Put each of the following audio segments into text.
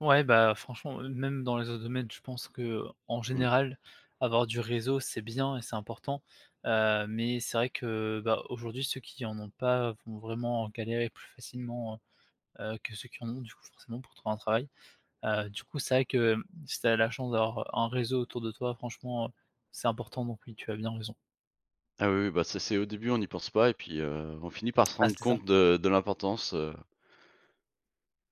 Ouais, bah, franchement, heu, même dans les autres domaines, je pense qu'en Mmh. général avoir du réseau c'est bien et c'est important. Heu, mais c'est vrai que, heu, bah, aujourd'hui ceux qui en ont pas vont vraiment galérer plus facilement, heu heu, que ceux qui en ont du coup forcément pour trouver un travail. Heu, du coup c'est vrai que, si tu as la chance d'avoir un réseau autour de toi franchement, heu, c'est important donc oui, tu as bien raison. Ah oui, oui, bah, ça c'est au début on y pense pas et puis heu, on finit par se Ah rendre c'est ça. compte de de l'importance, heu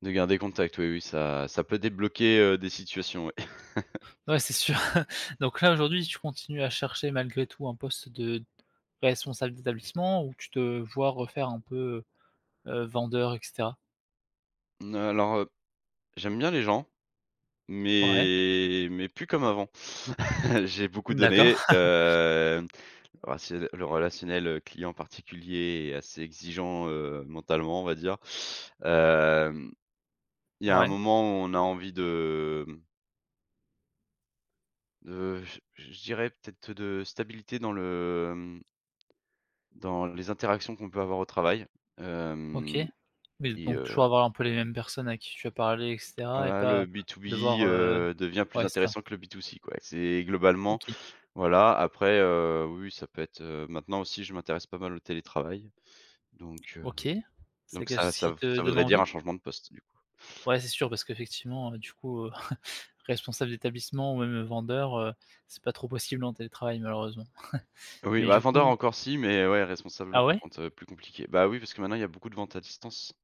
de garder contact oui, oui, ça ça peut débloquer, heu, des situations, ouais. Ouais, c'est sûr donc là aujourd'hui tu continues à chercher malgré tout un poste de responsable d'établissement où tu te, heu, vois refaire un peu, heu, vendeur et cetera? N heu, alors, heu, j'aime bien les gens. Ouais. Mais mais plus comme avant, j'ai beaucoup D'accord. donné. Heu, oh c'est le le relationnel, heu, le client particulier est assez exigeant, heu, mentalement on va dire. Hem, il y a un Ouais. moment où on a envie de mmh heu, je j je dirais peut-être de stabilité dans le hem, dans les interactions qu'on peut avoir au travail, OK. hem Mais et bon, heu toujours avoir un peu les mêmes personnes avec qui tu peux parler et cetera et voilà le pas B to B, de voir heu, heu, devient plus ouais, c'est ça. intéressant que le B to C quoi c'est, globalement OK. voilà après, heu, oui ça peut être heu, maintenant aussi je m'intéresse pas mal au télétravail donc heu, OK, c'est donc quelque ça chose ça qui v te ça donne voudrait dire un envie? changement de poste du coup. Ouais c'est sûr, parce qu'effectivement, heu, du coup responsable d'établissement ou même vendeur, heu, c'est pas trop possible en télétravail malheureusement, Oui, mais bah, du vendeur coup encore si, mais ouais, responsable Ah par ouais? contre plus compliqué. Bah, oui, parce que maintenant il y a beaucoup de vente à distance.